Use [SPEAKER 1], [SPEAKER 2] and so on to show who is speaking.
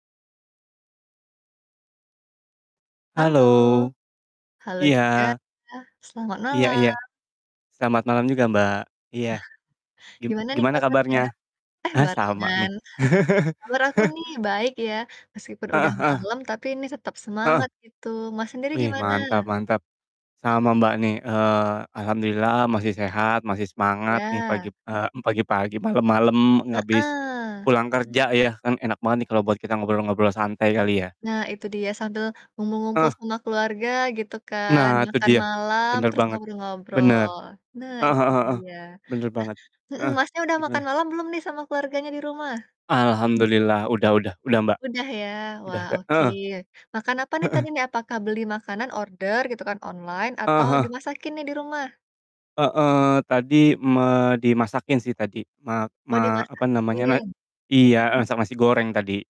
[SPEAKER 1] Halo,
[SPEAKER 2] Halo.
[SPEAKER 1] halo juga
[SPEAKER 2] Iya.
[SPEAKER 1] iya, selamat
[SPEAKER 2] Iya iya.
[SPEAKER 1] malam.
[SPEAKER 2] Selamat malam juga Mbak, iya. Gim
[SPEAKER 1] Gimana nih,
[SPEAKER 2] gimana
[SPEAKER 1] kabarnya?
[SPEAKER 2] kabarnya?
[SPEAKER 1] Eh,
[SPEAKER 2] Ah sama nih.
[SPEAKER 1] barengan. Kabar aku nih baik ya, meskipun udah
[SPEAKER 2] Heeh heeh.
[SPEAKER 1] malam, tapi ini tetap
[SPEAKER 2] Heeh.
[SPEAKER 1] semangat gitu. Mas, sendiri,
[SPEAKER 2] Wih, mantap
[SPEAKER 1] gimana?
[SPEAKER 2] mantap. Sama Mbak, nih, eee, Alhamdulillah masih sehat, masih semangat nih, pagi
[SPEAKER 1] Iya.
[SPEAKER 2] p eee, mmm, pagi-pagi malam-malam habis
[SPEAKER 1] Heeh.
[SPEAKER 2] pulang kerja ya, kan enak banget nih, kalau buat kita ngobrol-ngobrol santai, kali ya?
[SPEAKER 1] Nah, itu dia, sambil ngumpul-ngumpul
[SPEAKER 2] Heeh.
[SPEAKER 1] sama keluarga gitu kan,
[SPEAKER 2] Nah, itu
[SPEAKER 1] makan
[SPEAKER 2] dia,
[SPEAKER 1] malam,
[SPEAKER 2] bener
[SPEAKER 1] terus
[SPEAKER 2] banget. Bener,
[SPEAKER 1] ngobrol-ngobrol, nah
[SPEAKER 2] heeh
[SPEAKER 1] itu
[SPEAKER 2] heeh heeh,
[SPEAKER 1] dia.
[SPEAKER 2] bener banget.
[SPEAKER 1] Nah heeh,
[SPEAKER 2] Heeh,
[SPEAKER 1] Masnya, udah makan
[SPEAKER 2] gimana?
[SPEAKER 1] malam belum nih, sama keluarganya di rumah?
[SPEAKER 2] Alhamdulillah, udah udah udah Mbak.
[SPEAKER 1] Udah, ya?
[SPEAKER 2] Udah
[SPEAKER 1] Wah,
[SPEAKER 2] ta
[SPEAKER 1] oke.
[SPEAKER 2] heeh.
[SPEAKER 1] Makan apa nih,
[SPEAKER 2] Heeh.
[SPEAKER 1] tadi nih? Apakah beli makanan, order, gitu kan, online
[SPEAKER 2] Heeh
[SPEAKER 1] atau,
[SPEAKER 2] heeh.
[SPEAKER 1] dimasakin nih, di rumah?
[SPEAKER 2] Heeh, tadi me dimasakin sih, tadi. Mak
[SPEAKER 1] Oh,
[SPEAKER 2] ma apa namanya, na
[SPEAKER 1] dimasakin?
[SPEAKER 2] iya, eee, masak nasi goreng tadi.